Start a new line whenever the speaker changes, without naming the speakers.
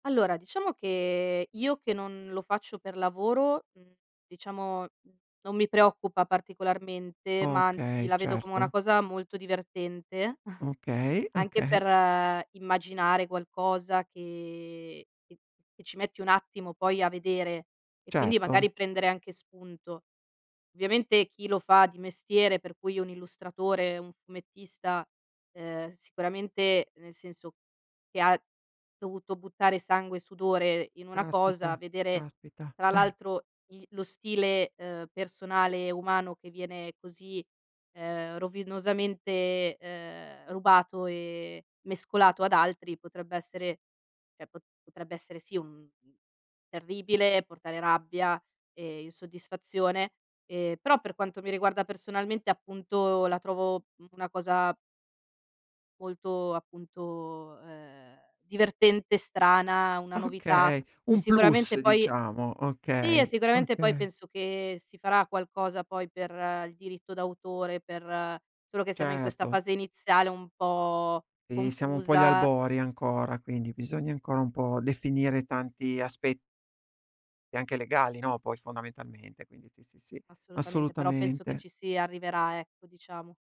Allora, diciamo che io che non lo faccio per lavoro, mhmm, diciamo, mhmm, non mi preoccupa particolarmente, ma anzi
Okay,
la vedo come una
certo.
cosa molto divertente,
Okay,
anche
okay.
per immaginare qualcosa che che che ci metti un attimo poi a vedere, e quindi
Certo.
magari prendere anche spunto. Ovviamente chi lo fa di mestiere, per cui un illustratore, un fumettista, ehm, sicuramente nel senso che ha dovuto buttare sangue e sudore in una cosa,
Caspita,
vedere
caspita.
tra
Eh.
l'altro i lo stile, uhm, personale e umano che viene così, ehm, rovinosamente, ehm, rubato e mescolato ad altri, potrebbe essere cioè po potrebbe essere sì un uhm, terribile, e portare rabbia e insoddisfazione; ehm, però per quanto mi riguarda personalmente, appunto, la trovo una cosa molto appunto, ehm, divertente, strana, una novità,
Okay,
e
un plus,
sicuramente poi
diciamo,
sì, e
okay,
sicuramente poi
okay.
penso che si farà qualcosa poi per il diritto d'autore, per solo che siamo in questa
Certo.
fase iniziale un po'
Eh, siamo un po' agli
confusa.
albori ancora, quindi bisogna ancora un po' definire tanti aspe e anche legali, no, poi fondamentalmente, quindi sì, sì, sì,
Assolutamente, però penso che
assolutamente.
ci si arriverà, ecco, diciamo.